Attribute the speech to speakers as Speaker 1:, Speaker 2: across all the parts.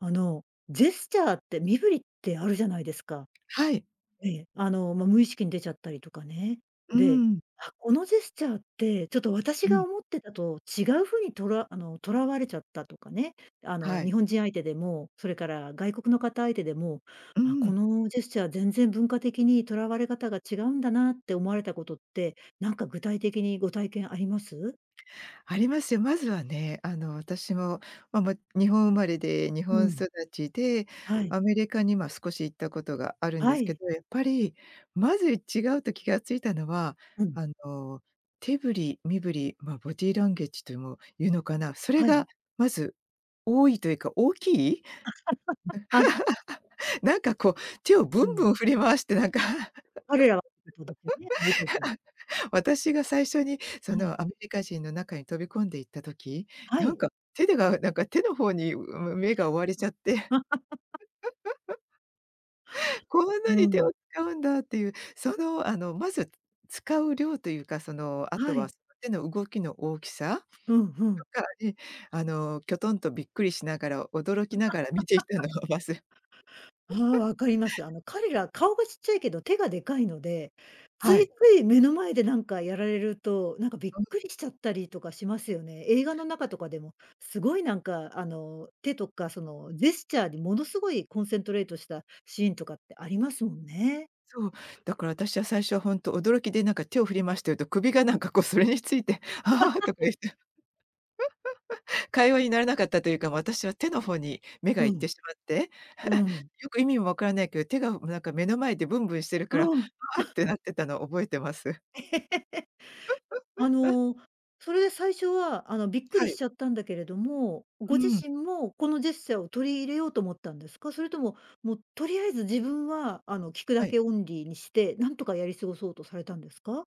Speaker 1: あの、ジェスチャーって、身振りってあるじゃないですか。
Speaker 2: はい。
Speaker 1: ええ、あの、ま、無意識に出ちゃったりとかね。
Speaker 2: うー
Speaker 1: で、
Speaker 2: ん。
Speaker 1: あ、このジェスチャーって、ちょっと私
Speaker 2: う
Speaker 1: が
Speaker 2: ん。
Speaker 1: 思ってたと違う風にとらあの、捉われちゃったとかね、あ
Speaker 2: は
Speaker 1: の、
Speaker 2: い。
Speaker 1: 日本人相手でも、それから外国の方相手でも、
Speaker 2: うー
Speaker 1: あ、こ
Speaker 2: ん。
Speaker 1: のジェスチャー全然文化的に捉われ方が違うんだなって思われたことって、なんか具体的にご体験あります？
Speaker 2: ありますよ。まずはね、あの、私も、ま、も、日本生まれで日
Speaker 1: う
Speaker 2: 本
Speaker 1: ん。
Speaker 2: 育ちで、
Speaker 1: はい。
Speaker 2: アメリカには少し行ったことがあるんで
Speaker 1: は
Speaker 2: すけ
Speaker 1: い。
Speaker 2: ど、やっぱり、まず、い違うと気がついたのは、
Speaker 1: うん。
Speaker 2: あの、手振り身振り、ま、ボディランゲージとも言うのかな、それ
Speaker 1: はい。
Speaker 2: がまず、多いというか大きい。
Speaker 1: はい。
Speaker 2: なんか、こう、手をぶ
Speaker 1: う
Speaker 2: ん
Speaker 1: ん。
Speaker 2: ぶん振り回して、なんか。
Speaker 1: 彼らは [unintelligible]
Speaker 2: 私が最初に、そ
Speaker 1: はい。
Speaker 2: の、アメリカ人の中に飛び込んで行った時、
Speaker 1: は
Speaker 2: なん
Speaker 1: い。
Speaker 2: か、手でが、なんか、手の方に、う、む目が追われちゃっ
Speaker 1: [unintelligible]
Speaker 2: て。こん
Speaker 1: う
Speaker 2: なに手を
Speaker 1: ん。
Speaker 2: 使うんだっていう、その、あの、まず使う量というか、その、後
Speaker 1: は
Speaker 2: は
Speaker 1: い。
Speaker 2: その手の動きの大きさ
Speaker 1: うん、ふん。
Speaker 2: とかに、あの、きょとんとびっくりしながら、驚きながら見ていたの はわせ
Speaker 1: ああ、分かります。あの、彼ら、顔がちっちゃいけど手がでかいので、つ
Speaker 2: はい。
Speaker 1: いつい目の前でなんかやられると、なんかびっ
Speaker 2: うん。
Speaker 1: くりしちゃったりとかしますよね。映画の中とかでも、すごい、なんか、あの、手とか、その、ジェスチャーに、ものすごいコンセントレートしたシーンとかってありますもんね。
Speaker 2: そう、だから私は最初はほんと驚きで、なんか、手を振り回してると首が、なんか、こう、それについて、ははは、とか言っ て。会話にならなかったというか、私は手の方に目が
Speaker 1: う
Speaker 2: いっ
Speaker 1: ん。
Speaker 2: てしまって、
Speaker 1: うー ん。
Speaker 2: よく意味も分からないけど、手が、なんか、目の前でぶんぶんしてるから、は
Speaker 1: うん。
Speaker 2: あっ てなってたのを覚えてます。
Speaker 1: あ の、それで最初は、あの、びっく
Speaker 2: は
Speaker 1: りし
Speaker 2: い。
Speaker 1: ちゃったんだけれども、
Speaker 2: う
Speaker 1: ご自
Speaker 2: ーん。
Speaker 1: 身も、このジェスチャーを取り入れようと思ったんですか？それとも、もうとりあえず自分は、あの、聞く
Speaker 2: は
Speaker 1: だ
Speaker 2: い。
Speaker 1: けオンリーにして、なんとかやり過ごそうとされたんですか？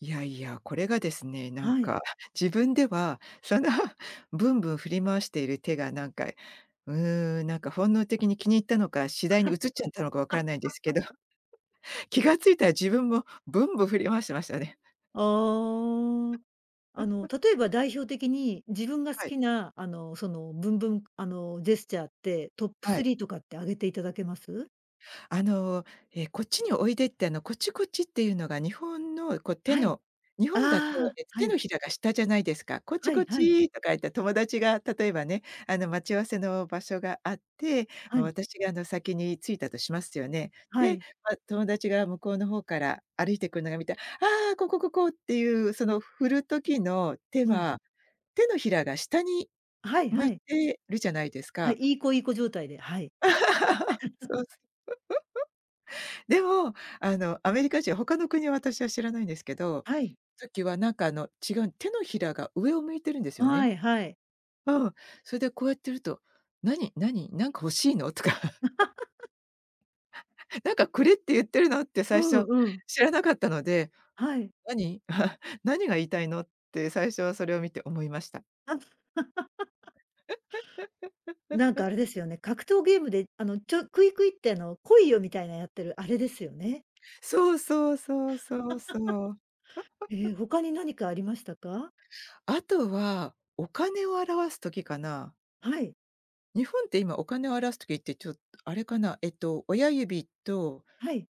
Speaker 2: いやいや、これがですね、なん
Speaker 1: はい。
Speaker 2: か、自分では、そのぶんぶん振り回している手が、なんか、うーん、なんか、本能的に気に入ったのか、次第に移っちゃったのか分からないんですけど、気が付いたら自分も、ぶんぶん振り回してましたね。
Speaker 1: ああ、あの、例えば代表的に、自分が好
Speaker 2: はい。
Speaker 1: きな、あの、その、ぶんぶんあの、ジェスチャーって、トップ
Speaker 2: は
Speaker 1: ス
Speaker 2: い。
Speaker 1: リーとかって挙げていただけます？
Speaker 2: あの、え、こっちにおいでって、あの、こっち、こっちっていうのが日本の、こう手
Speaker 1: はい。
Speaker 2: の日本だと、
Speaker 1: ああ、
Speaker 2: えと、
Speaker 1: は
Speaker 2: 手の
Speaker 1: い。
Speaker 2: ひらが下じゃないですか。こっち
Speaker 1: は
Speaker 2: こ
Speaker 1: い
Speaker 2: っ
Speaker 1: はい。
Speaker 2: ちとか言って友達が例えばね、あの待ち合わせの場所があって、
Speaker 1: は
Speaker 2: ま、
Speaker 1: い。
Speaker 2: 私が、あの、先に着いたとしますよね。
Speaker 1: は
Speaker 2: で、
Speaker 1: い。
Speaker 2: ま、友達が向こうの方から歩いてくるのが見て、ああ、ここ、ここ！っていうその振る時の手
Speaker 1: うん。
Speaker 2: は、手のひらが下に
Speaker 1: はい
Speaker 2: 向
Speaker 1: は
Speaker 2: い
Speaker 1: い。
Speaker 2: てるじゃないです
Speaker 1: はい、
Speaker 2: か。
Speaker 1: いい子いい子状態で、はい。
Speaker 2: そうそ でも、あの、アメリカ人は、他の国は私は知らないんですけど、
Speaker 1: はい。
Speaker 2: さっきはなんかあの違うん手のひらが上を向いているんですよ
Speaker 1: は
Speaker 2: ね。
Speaker 1: いはい。
Speaker 2: うん、それでこうやってると、何？何、なんか欲しいの？とか。なんかくれって言ってるのって
Speaker 1: う
Speaker 2: 最初
Speaker 1: んうん。
Speaker 2: 知らなかったので、
Speaker 1: はい。
Speaker 2: 何？何が言いたいの？って最初はそれを見て思いました。
Speaker 1: あっ。なんか あれですよね。格闘ゲームであの、ちょクイクイってあの、来いよ、みたいなやってるあれですよね。
Speaker 2: そうそうそうそう そう。
Speaker 1: え、他に何かありましたか？
Speaker 2: あとは、お金を表す時かな。
Speaker 1: はい。
Speaker 2: 日本って今お金を表す時って、ちょっと、あれかな、えっと、親指と
Speaker 1: はい。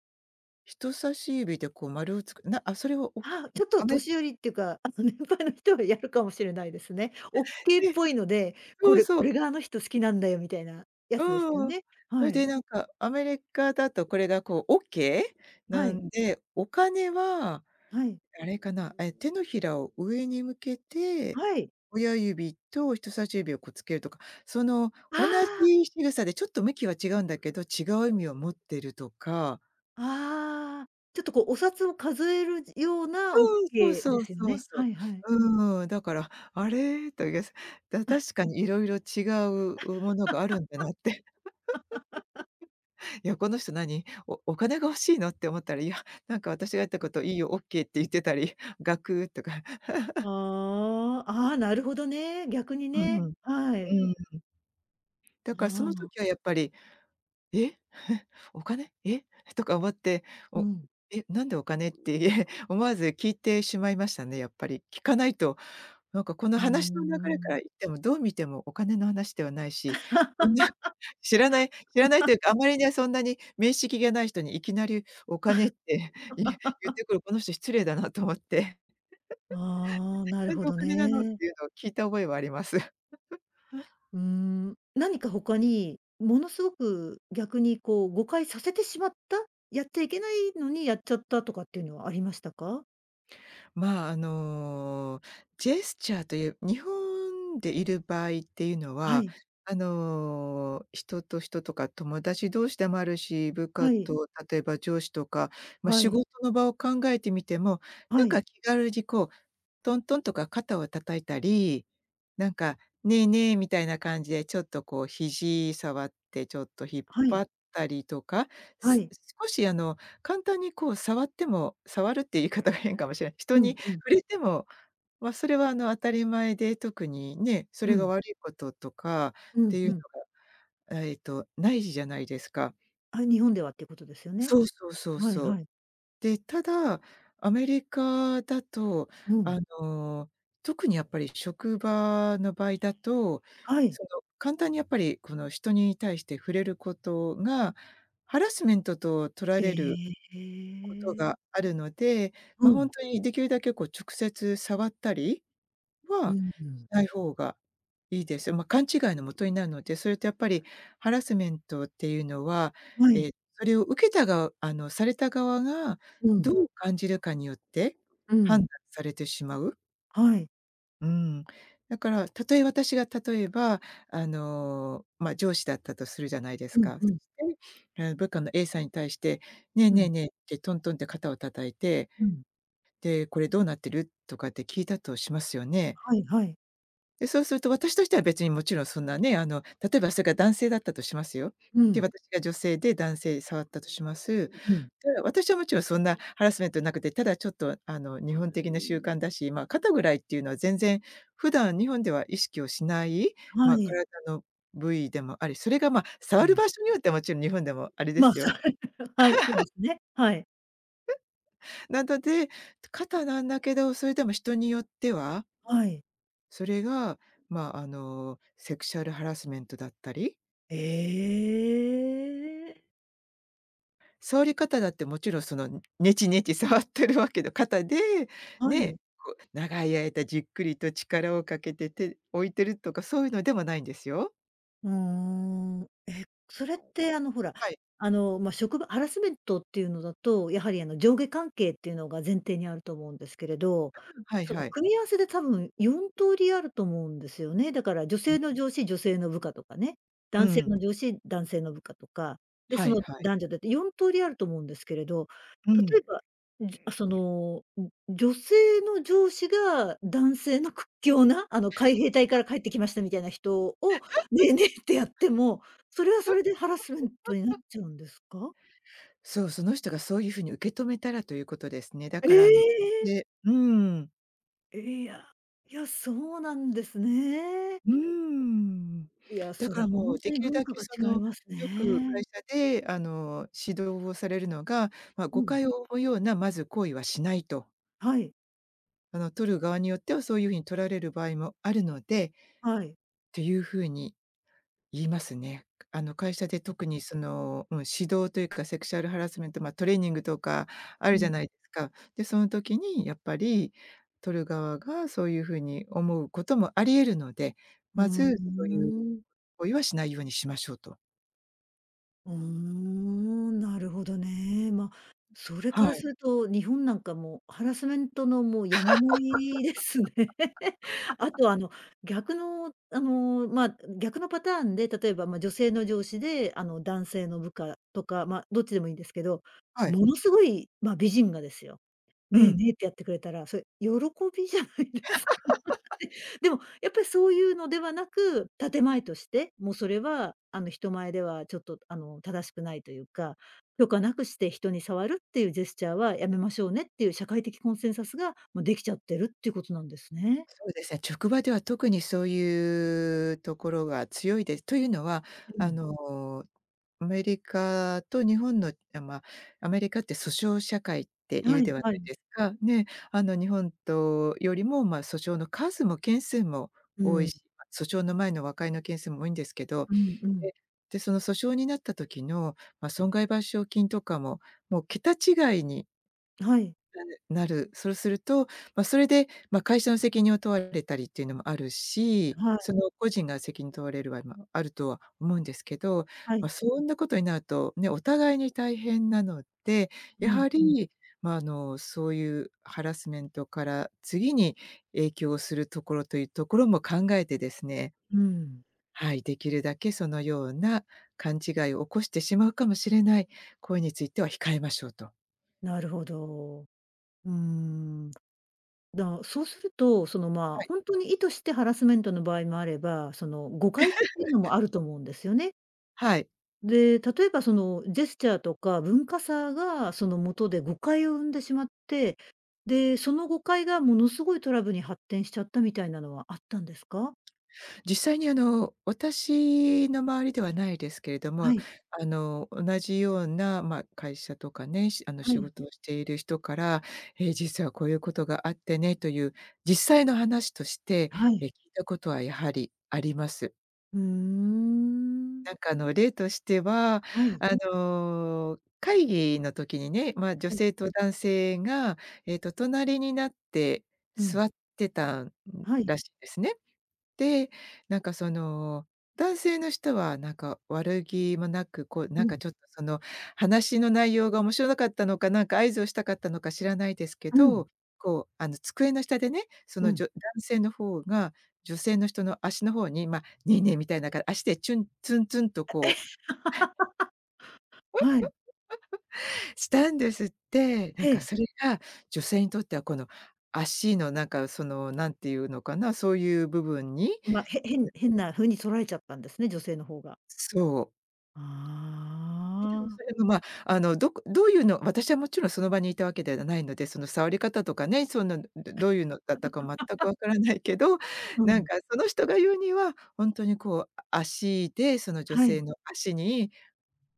Speaker 2: 人差し指でこう丸をつくなあ、それをおう
Speaker 1: はあ、ちょっと
Speaker 2: アメ
Speaker 1: 年寄りっていうか、あの年配の人はやるかもしれないですね。オッ ケーっ
Speaker 2: で、
Speaker 1: ぽいので、こ
Speaker 2: そう
Speaker 1: れ
Speaker 2: そ
Speaker 1: 「こ
Speaker 2: う。
Speaker 1: れがあの人好きなんだよ」みたいなやつですよ
Speaker 2: うん。
Speaker 1: ね。
Speaker 2: そ
Speaker 1: は
Speaker 2: れで
Speaker 1: い。
Speaker 2: なんか、アメリカだとこれがこうオッケー
Speaker 1: は
Speaker 2: な
Speaker 1: い。
Speaker 2: んで、お金は、
Speaker 1: はい。
Speaker 2: あれかな、え、手のひらを上に向けて、
Speaker 1: はい。
Speaker 2: 親指と人差し指をこうつけるとか、その
Speaker 1: あ
Speaker 2: 同
Speaker 1: あ。
Speaker 2: じ仕草でちょっと向きは違うんだけど、違う意味を持ってるとか。
Speaker 1: ああ、ちょっとこうお札を数えるじような
Speaker 2: そ
Speaker 1: オッ
Speaker 2: う、そう
Speaker 1: ケー
Speaker 2: そ
Speaker 1: で
Speaker 2: う
Speaker 1: すよ
Speaker 2: そう
Speaker 1: ね。
Speaker 2: そ
Speaker 1: はいはい。
Speaker 2: う。うーん、だから、あれ、とげすだ 確かに色々違ううものがあるんだなって。いや、この人何、おお金が欲しいのって思ったら、いや、なんか私が言った こといいよ、オッケーって言ってたり、ガクとか。
Speaker 1: ああ、
Speaker 2: う
Speaker 1: ああ、なるほどね、逆に
Speaker 2: うん
Speaker 1: ね。
Speaker 2: うん。う
Speaker 1: はい。
Speaker 2: ーん。だか
Speaker 1: あ
Speaker 2: らその
Speaker 1: あ。
Speaker 2: 時はやっぱり、「え、お金、え」とか思って、
Speaker 1: う
Speaker 2: お
Speaker 1: ん。
Speaker 2: 「え、なんでお金」って思わず聞いてしまいましたね、やっぱり。聞かないと、なんかこの
Speaker 1: うーん、
Speaker 2: 話の流
Speaker 1: う
Speaker 2: れから
Speaker 1: ん。
Speaker 2: いってもどう見てもお金の話ではないし、そんな 知らない知らないというか、あ まりねそんなに面識がない人にいきなりお金って、いえ言っ てくるこの人失礼だなと思って。
Speaker 1: ああ、なる
Speaker 2: 何
Speaker 1: ほ
Speaker 2: でお
Speaker 1: ど
Speaker 2: 金なのっ
Speaker 1: ね。
Speaker 2: ていうのを聞いた覚えはあります。
Speaker 1: うーん。何か他に、ものすごく、逆にこう誤解させてしまった、やっちゃいけないのにやっちゃったとかっていうのはありましたか？
Speaker 2: まあ、あの、ジェスチャーという、日本でいる場合っていうの
Speaker 1: は
Speaker 2: は、
Speaker 1: い。
Speaker 2: あの人と人とか友達同士でもあるし、部下
Speaker 1: はい。
Speaker 2: と例えば上司とか、ま、
Speaker 1: は
Speaker 2: 仕
Speaker 1: い。
Speaker 2: 事の場を考えてみても、な
Speaker 1: は
Speaker 2: ん
Speaker 1: い。
Speaker 2: か気軽にこう、トントンとか肩を叩いたり、なんか、ねえねえみたいな感じでちょっとこう肘触ってちょっと引っ
Speaker 1: は
Speaker 2: 張
Speaker 1: い。
Speaker 2: ったりとか、
Speaker 1: は
Speaker 2: す
Speaker 1: い。
Speaker 2: 少しあの簡単にこう触っても触るっていう言い方が変かもしれ、人
Speaker 1: うん
Speaker 2: に
Speaker 1: うん。
Speaker 2: 触れても、ま、それはあの当たり前で、特にね、そ
Speaker 1: う
Speaker 2: れが
Speaker 1: ん。
Speaker 2: 悪いこととかっ
Speaker 1: う
Speaker 2: て
Speaker 1: ん
Speaker 2: いう
Speaker 1: うん。
Speaker 2: のがえっとないじゃないですか。
Speaker 1: あ、日本ではっていうことですよね。
Speaker 2: そうそうそう
Speaker 1: はい
Speaker 2: そう。
Speaker 1: はい。
Speaker 2: で、ただアメリカだと、
Speaker 1: うん。
Speaker 2: あの特にやっぱり職場の場合だと、
Speaker 1: はい。
Speaker 2: その簡単にやっぱりこの人に対して触れることが、ハラスメントととられる
Speaker 1: え
Speaker 2: こと
Speaker 1: え。
Speaker 2: があるので、
Speaker 1: う
Speaker 2: ま、ほん
Speaker 1: ん。
Speaker 2: とにできるだけこう直接触ったり
Speaker 1: う
Speaker 2: は
Speaker 1: んう
Speaker 2: し
Speaker 1: ん。
Speaker 2: ない方がいいです。ま、勘違いの元になるので、それとやっぱり、ハラスメントっていうのは、
Speaker 1: は
Speaker 2: え
Speaker 1: い。
Speaker 2: えそれを受けたがうあのされた側が、
Speaker 1: うん。
Speaker 2: どう感じるかによって
Speaker 1: うん。
Speaker 2: 判断されてしまう。
Speaker 1: はい。
Speaker 2: うーん、だからたとえ私が、たとえばあの、まあ、上司だったとするじゃないです
Speaker 1: うん
Speaker 2: か。そ
Speaker 1: うん。
Speaker 2: して、え、部下の A さんに対して、「ねえ
Speaker 1: う
Speaker 2: ねえ
Speaker 1: ん。
Speaker 2: ねえ」ってトントンって肩を叩いて、
Speaker 1: うん。
Speaker 2: で、「これどうなってる？」とかって聞いたとしますよね。
Speaker 1: はいはい。
Speaker 2: で、そうすると私としては別にもちろんそんなね、あのたとえばそれが男性だったとしますよ。
Speaker 1: う
Speaker 2: で、
Speaker 1: ん。
Speaker 2: 私が女性で、男性触ったとします。で、
Speaker 1: うん。
Speaker 2: 私はもちろんそんなハラスメントなくて、ただちょっとあの日本的な習慣だし、まあ肩ぐらいっていうのは全然、普段日本では意識をしない、ま
Speaker 1: は
Speaker 2: あ
Speaker 1: い。
Speaker 2: 体の部位でもあり、それが、ま、触
Speaker 1: う
Speaker 2: る
Speaker 1: ん。
Speaker 2: 場所によって、もちろん日本でもあれで
Speaker 1: ま、
Speaker 2: すよ。
Speaker 1: さ はい、そうで すね、はい。
Speaker 2: なだで、つ肩なんだけどそれでも人によっては
Speaker 1: はい。
Speaker 2: それが、まああの、セクシャルハラスメントだったり。
Speaker 1: ええ。
Speaker 2: 触り方だってもちろんその、ネチネチ触ってるわけのかたで、
Speaker 1: は
Speaker 2: ねえ、
Speaker 1: い。
Speaker 2: こう長い間じっくりと力をかけて、手、置いてるとかそういうのでもないんですよ。
Speaker 1: うーん。え、それってあのほら、
Speaker 2: はい。
Speaker 1: あの、ま、職場、ハラスメントっていうのだと、やはりあの上下関係っていうのが前提にあると思うんですけれど、
Speaker 2: はい
Speaker 1: その
Speaker 2: はい。
Speaker 1: 組み合わせで多分、4通りあると思うんですよね。だから女 性の上司、女性の部下とかね。
Speaker 2: う
Speaker 1: 男性
Speaker 2: ん。
Speaker 1: の上司、男性の部下とか、で、
Speaker 2: は
Speaker 1: そ
Speaker 2: い
Speaker 1: の
Speaker 2: はい。
Speaker 1: 男女だって4通りあると思うんですけれど、
Speaker 2: う
Speaker 1: 例
Speaker 2: ん。
Speaker 1: えば、んじあ、その、んん、女性の上司が男性の屈強な、あの海兵隊か ら帰ってきましたみたいな人を、ね えねえってやっても、それはそれでハラスメントになっ ちゃうんですか？
Speaker 2: そう、その人がそういう風に受け止めたら、ということですね。だ
Speaker 1: え
Speaker 2: からあの、
Speaker 1: え！
Speaker 2: でうん。
Speaker 1: え、いや。いや、そうなんですね。
Speaker 2: うーん。
Speaker 1: いや、
Speaker 2: だ
Speaker 1: そ
Speaker 2: か
Speaker 1: れ
Speaker 2: ら
Speaker 1: ほ
Speaker 2: も
Speaker 1: ん
Speaker 2: う、
Speaker 1: と
Speaker 2: 出
Speaker 1: に
Speaker 2: 来る
Speaker 1: 文
Speaker 2: だ
Speaker 1: 化
Speaker 2: け
Speaker 1: が
Speaker 2: その、
Speaker 1: 違います
Speaker 2: よく会
Speaker 1: ね。
Speaker 2: 社で、あの、指導をされるのが、ま、
Speaker 1: う
Speaker 2: 誤
Speaker 1: ん。
Speaker 2: 解を生むようなまず行為はしないと
Speaker 1: はい。
Speaker 2: あの取る側によっては、そういう風に取られる場合もあるので
Speaker 1: はい。
Speaker 2: っていう風に、言いますね。あの会社で特に、その、うん、指導というか、セクシャルハラスメント、ま、トレーニングとかある
Speaker 1: う
Speaker 2: じゃ
Speaker 1: ん。
Speaker 2: ないか。で、その時にやっぱり、取る側がそういう風に思うこともあり得るので、
Speaker 1: う
Speaker 2: ま
Speaker 1: ー
Speaker 2: ず、そういう
Speaker 1: ん。
Speaker 2: 行為はしないようにしましょうと。
Speaker 1: うーん、なるほどね。ま、それ
Speaker 2: は
Speaker 1: から
Speaker 2: い。
Speaker 1: すると日本なんか、もうハラスメントのもう山盛りですね。あ とあの、逆のあの、ま、逆のパターンで、たとえば、ま、女性の上司であの男性の部下とか、ま、どっちでもいいんですけど、
Speaker 2: はい。
Speaker 1: ものすごい、ま、美人がですよ、
Speaker 2: う
Speaker 1: ねえ
Speaker 2: ん。
Speaker 1: ねえってやってくれたら、それ、喜びじゃないですか。え、でも、やっぱりそういうのではなく、建前として、もうそれはあの人前では、ちょっとあの正しくないというか、許可なくして人に触るっていうジェスチャーはやめましょうねっていう社会的コンセンサスがもうできちゃってるっていうことなんですね。
Speaker 2: そうですね、職場では特にそういうところが強いです。というのは
Speaker 1: う
Speaker 2: あ
Speaker 1: ん。
Speaker 2: の、アメリカと日本のあ、ま、アメリカって訴訟社会っていう
Speaker 1: は
Speaker 2: で
Speaker 1: い
Speaker 2: はない
Speaker 1: はい。
Speaker 2: ですか。ね、あの日本とよりも、ま、訴訟の数も件数も
Speaker 1: う
Speaker 2: 多い
Speaker 1: ん。
Speaker 2: し、ま、訴訟の前の和解の件数も多いんですけど、
Speaker 1: うんうん。
Speaker 2: でで、その訴訟になった時の、ま、損害賠償金とかももう桁違いに
Speaker 1: はい。
Speaker 2: なんで、なるそうすると、ま、それでま、会社の責任を問われたりっていうのもあるし、
Speaker 1: はい。
Speaker 2: その個人が責任を問われるは今あるとは思うんですけど、
Speaker 1: はい。
Speaker 2: ま、そんなことになるとね、お互いに大変なので、
Speaker 1: う
Speaker 2: や
Speaker 1: ん
Speaker 2: は
Speaker 1: うん。
Speaker 2: りまあ、あの、そういうハラスメントから次に影響するところというところも考えてですね。
Speaker 1: うーん。
Speaker 2: はい、できるだけそのような勘違いを起こしてしまうかもしれない行為については控えましょうと。
Speaker 1: なるほど。うーん。だそうすると、そのま、
Speaker 2: はい。
Speaker 1: ほんとに意図してハラスメントの場合もあれば、その誤解っていうのも あると思うんですよね。
Speaker 2: はい。
Speaker 1: で、たとえばそのジェスチャーとか文化差がその元で誤解を生んでしまって、で、その誤解がものすごいトラブルに発展しちゃったみたいなのはあったんですか？
Speaker 2: 実際にあの、私の周りではないですけれど
Speaker 1: は
Speaker 2: も、
Speaker 1: い。
Speaker 2: あの同じような、ま、会社とかね、しあの
Speaker 1: は
Speaker 2: 仕
Speaker 1: い。
Speaker 2: 事をしている人から、ええ、実はこういうことがあってねという実際の話として、
Speaker 1: は
Speaker 2: え、
Speaker 1: い。
Speaker 2: 聞いたことはやはりあります。
Speaker 1: うーん。
Speaker 2: なんかあの例としては、
Speaker 1: はい。
Speaker 2: あの会議の時にね、まあ女
Speaker 1: はい。
Speaker 2: 性と男性が、ええと、隣になって
Speaker 1: うん。
Speaker 2: 座ってたん
Speaker 1: はい。
Speaker 2: らしいんですね。で、なんかその男性の人はなんか悪気もなく、こう
Speaker 1: う
Speaker 2: なんか
Speaker 1: ん。
Speaker 2: ちょっとその、話の内容が面白かったのか、なんか合図をしたかったのか知らないですけ
Speaker 1: うん。
Speaker 2: ど、こうあの机の下でね、そ
Speaker 1: う
Speaker 2: のじ
Speaker 1: ん。
Speaker 2: ょ男性の方が女性の人の足の方にま、ねえねえみたいなか足でチュンツンツンと
Speaker 1: え、
Speaker 2: こう
Speaker 1: はい。
Speaker 2: したんですって、な
Speaker 1: え
Speaker 2: んか
Speaker 1: え。
Speaker 2: それが女性にとってはこの、足のなんかその何て言うのかな、そういう部分に。
Speaker 1: ま、へ変変な風に捉えちゃったんですね、女性の方が。
Speaker 2: そう。
Speaker 1: あ
Speaker 2: え、でも
Speaker 1: あ。
Speaker 2: それもま、あのどこどういうの、私はもちろんその場にいたわけではないので、その触り方とかね、そういうの、どどういうのだったか全くわ からないけど、
Speaker 1: う
Speaker 2: なん
Speaker 1: ん。
Speaker 2: かその人が言うには、ほんとにこうあ足でその女
Speaker 1: は
Speaker 2: 性
Speaker 1: い。
Speaker 2: の足に、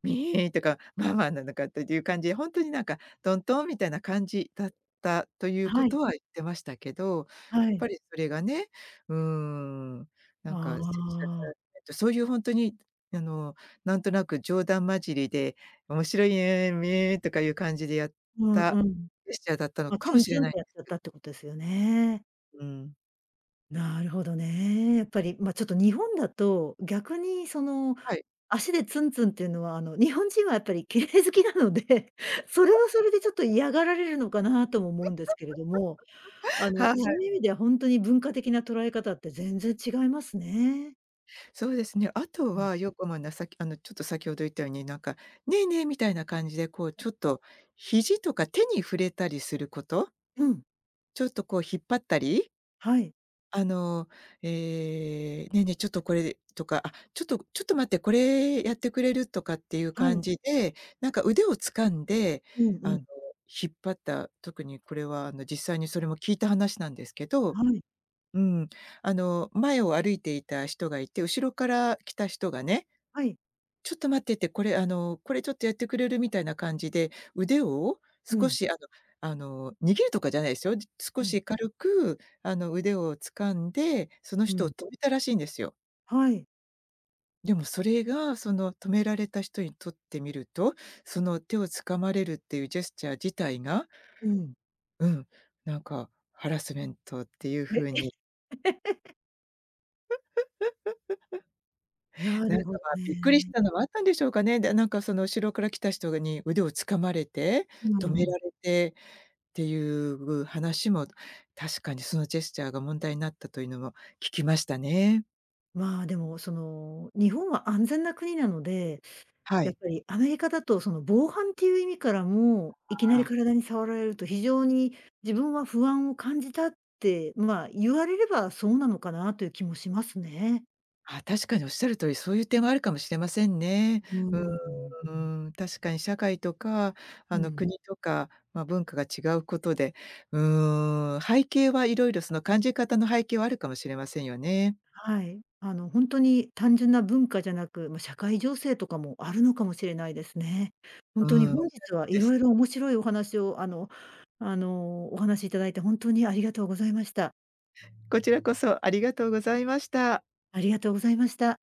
Speaker 2: みとか、ままなのかっていう感じで、ほんとになんかトントンみたいな感じだったとい
Speaker 1: あ、
Speaker 2: うこ
Speaker 1: はい。
Speaker 2: とは言ってましたけど。
Speaker 1: は
Speaker 2: や
Speaker 1: い。
Speaker 2: っぱりそれがね、うーん、なんか
Speaker 1: あ
Speaker 2: セクシャルハ
Speaker 1: あ。
Speaker 2: ラスメント、そういうほんとにあの、なんとなく冗談交じりで、面白いね、とかいう感じでやっ
Speaker 1: うん
Speaker 2: た
Speaker 1: うん。
Speaker 2: ジェスチャーだったの
Speaker 1: ま、
Speaker 2: か
Speaker 1: ツ
Speaker 2: も
Speaker 1: ン
Speaker 2: しれ
Speaker 1: ツン
Speaker 2: な
Speaker 1: っ
Speaker 2: いん
Speaker 1: て
Speaker 2: で
Speaker 1: やっちゃっ
Speaker 2: す。
Speaker 1: たってことですよね。
Speaker 2: うーん。
Speaker 1: なるほどね。やっぱり、ま、ちょっと日本だと、逆にその
Speaker 2: はい。
Speaker 1: 足でツンツンっていうのは、あの、日本人はやっぱり綺麗好きなので、それはそれでちょ っと嫌がられるのかなとも思うんですけれども、あ の
Speaker 2: は
Speaker 1: そ
Speaker 2: い。
Speaker 1: ういう意味ではほんとに文化的な捉え方って全然違いますね。
Speaker 2: そうですね。あと
Speaker 1: うん。
Speaker 2: はよこまな、さっきあの、ちょっと先ほど言ったように、なんか、ねえねえ、みたいな感じでこうちょっと肘とか手に触れたりすること
Speaker 1: うん。
Speaker 2: ちょっとこう引っ張ったり
Speaker 1: はい。
Speaker 2: あの、ええ、「ね、ね、ちょっとこれ」とか「あ、ちょっと、ちょっと待って。これ、やってくれる？」とかっていう
Speaker 1: は
Speaker 2: 感
Speaker 1: い。
Speaker 2: じで、なんか腕を掴んで、
Speaker 1: うんう
Speaker 2: あの、
Speaker 1: ん。
Speaker 2: 引っ張った特にこれは、あの、実際にそれも聞いた話なんですけど、
Speaker 1: はい。
Speaker 2: うん。あの前を歩いていた人がいて、後ろから来た人がね
Speaker 1: はい。
Speaker 2: 「ちょっと待って」って。これ、あの「これ、ちょっとやってくれる？」みたいな感じで、腕を
Speaker 1: う
Speaker 2: 少
Speaker 1: ん。
Speaker 2: しあのあの、握るとかじゃないですよ。少
Speaker 1: はい。
Speaker 2: し軽く、あの、腕を掴んで、その
Speaker 1: う
Speaker 2: 人を
Speaker 1: ん。
Speaker 2: 止めたらしいんですよ。
Speaker 1: はい。
Speaker 2: でもそれが、その、止められた人にとってみると、その、手を掴まれるっていうジェスチャー自体が
Speaker 1: うん。
Speaker 2: うん、なんか、ハラスメントっていう
Speaker 1: え？
Speaker 2: 風
Speaker 1: え。
Speaker 2: に
Speaker 1: な
Speaker 2: な
Speaker 1: る
Speaker 2: んか、
Speaker 1: ほ
Speaker 2: まあ、びっくりし
Speaker 1: ね。
Speaker 2: たのはあったんでしょうかね。で、なんか、その、後ろから来た人がに腕を掴まれて、
Speaker 1: う
Speaker 2: 止
Speaker 1: ん
Speaker 2: め
Speaker 1: うん。
Speaker 2: られてっていうう話も、確かにそのジェスチャーが問題になったというのも聞きましたね。
Speaker 1: まあ、でも、その、日本は安全な国なので、
Speaker 2: は
Speaker 1: やっ
Speaker 2: い。
Speaker 1: ぱりアメリカだと、その、防犯っていう意味からも、「いきな
Speaker 2: ああ
Speaker 1: り
Speaker 2: あ。
Speaker 1: 体に触られると、非常に、自分は不安を感じた」って、まあ、言われれば、そうなのかなという気もしますね。
Speaker 2: ああ、確かにおっしゃる通り、そういう点はあるかもしれませんね。
Speaker 1: うー
Speaker 2: う
Speaker 1: ん、うん。
Speaker 2: ーん、確かに社会とか、
Speaker 1: う
Speaker 2: あの、
Speaker 1: ん。
Speaker 2: 国とか、まあ、文化が違うことで、うーん、背景はいろいろその、感じ方の背景はあるかもしれませんよね。
Speaker 1: はい。あの、ほんとに単純な文化じゃなく、ま、社会情勢とかもあるのかもしれないですね。ほんと
Speaker 2: う
Speaker 1: に
Speaker 2: ーん、おっ
Speaker 1: 本
Speaker 2: しゃる
Speaker 1: 日は
Speaker 2: 通りで
Speaker 1: 色
Speaker 2: す、ん。
Speaker 1: 々面白いお話を、あのあの、お話しいただいて本当にありがとうございました。
Speaker 2: こちらこそ、ありがとうございました。
Speaker 1: ありがとうございました。